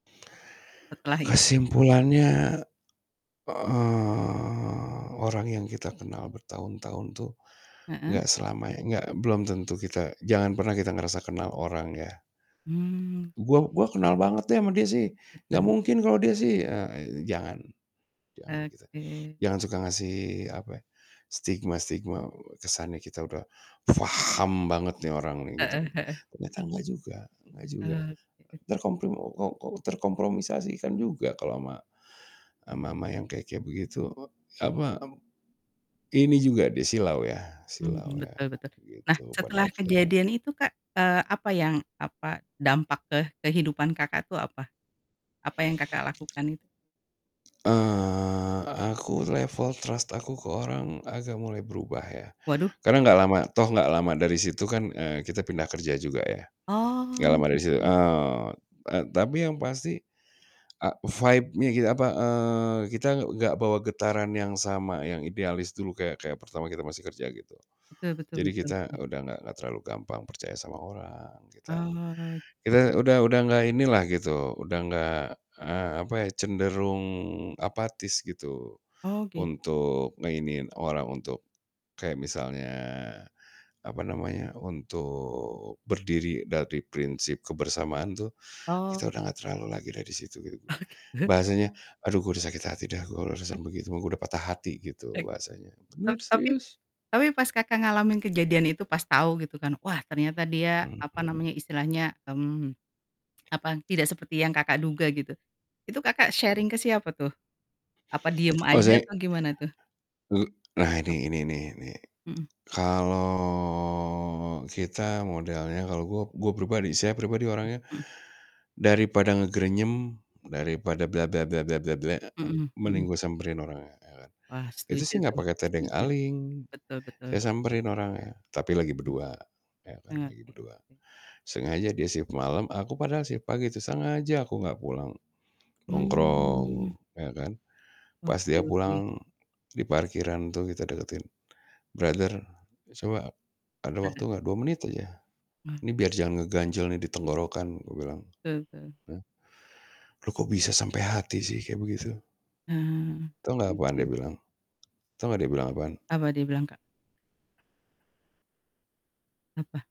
Setelah i Kesimpulannya, eee, orang yang kita kenal bertahun-tahun tuh Heeh. gak selamanya gak belum tentu kita jangan pernah kita ngerasa kenal orang ya. Mmm, "Gua oke. gua kenal banget deh sama dia sih, nggak Betul. mungkin kalau dia sih," eee, jangan jangan gitu. Oke. Jangan suka ngasih, apa, stigma-stigma, eee, kesannya kita udah faham banget nih orang Heeh nih, gitu. heeh heeh. Ternyata nggak juga nggak juga. Oh, gitu. Terkomprim ok kok kok terkompromisasikan juga kalau ma sama sama yang kayak kayak begitu e apa, e Ini juga dia, silau ya silau Mhm. ya. Betul betul. Nah, Begitu setelah pada akhirnya. kejadian itu, Kak, eee, apa yang apa, dampak ke kehidupan Kakak tuh apa? Apa yang Kakak lakukan itu? Eee, aku level trust aku ke orang agak mulai berubah ya. Waduh. Karena gak lama toh gak lama dari situ kan, eee, kita pindah kerja juga ya. Gak Oh, lama dari situ, gitu. eee eee, tapi yang pasti, ak vibe-nya ki apa, eee, kita enggak bawa getaran yang sama, yang idealis dulu, kayak kayak pertama kita masih kerja, gitu. Betul betul Jadi betul, kita hmm. udah gak gak terlalu gampang percaya sama orang, kita Oh. kita udah udah gak inilah gitu, udah gak, eee, apa ya, cenderung apatis, gitu, Oh, gitu. untuk ngeiniin orang, untuk kayak misalnya, apa namanya, untuk berdiri dari prinsip kebersamaan tuh, kita Oh. udah gak terlalu lagi dah di situ, gitu. Oh, gitu. Bahasanya, "Aduh, gue udah sakit hati dah, M urusan begitu mah, gue udah patah hati," gitu, Baik. bahasanya. Tap Benar, tapi serius. tapi pas Kakak ngalamin kejadian itu, pas tau gitu kan, wah, ternyata dia Mhm. apa namanya istilahnya, mmm, apa, tidak seperti yang Kakak duga gitu, itu Kakak sharing ke siapa tuh? Apa diem aja Ozaik ek atau gimana tuh? nah, Ap ini ini, nih, ini, mhm. kalau kita modelnya kalau gue gue pribadi saya pribadi Mhm orangnya mhm. daripada ngegrenyem, daripada Mhm mending mhm. gue samperin orangnya, ya kan. Wah, Itu setuju sih gak tuh, pakai tedeng setuju. aling, Betul betul. saya samperin orangnya. Tapi lagi berdua, ya kan, Mmm, lagi oke berdua. oke. Sengaja dia shift malam, aku padahal shift pagi tuh, sengaja aku gak pulang. Nongkrong, Mmm. ya kan. Pas Oke dia oke. pulang, di parkiran tuh kita deketin. "Brother, coba ada Nah. waktu gak? 2 menit aja. Wah. Ini biar jangan ngeganjel nih di tenggorokan," gue bilang, Betul betul. hah. "Lu kok bisa sampai hati sih, kayak begitu?" Ah, Tahu gak iya apaan dia sih. bilang? Tahu nggak dia bilang apaan? Apa dia bilang, Kak? Apa?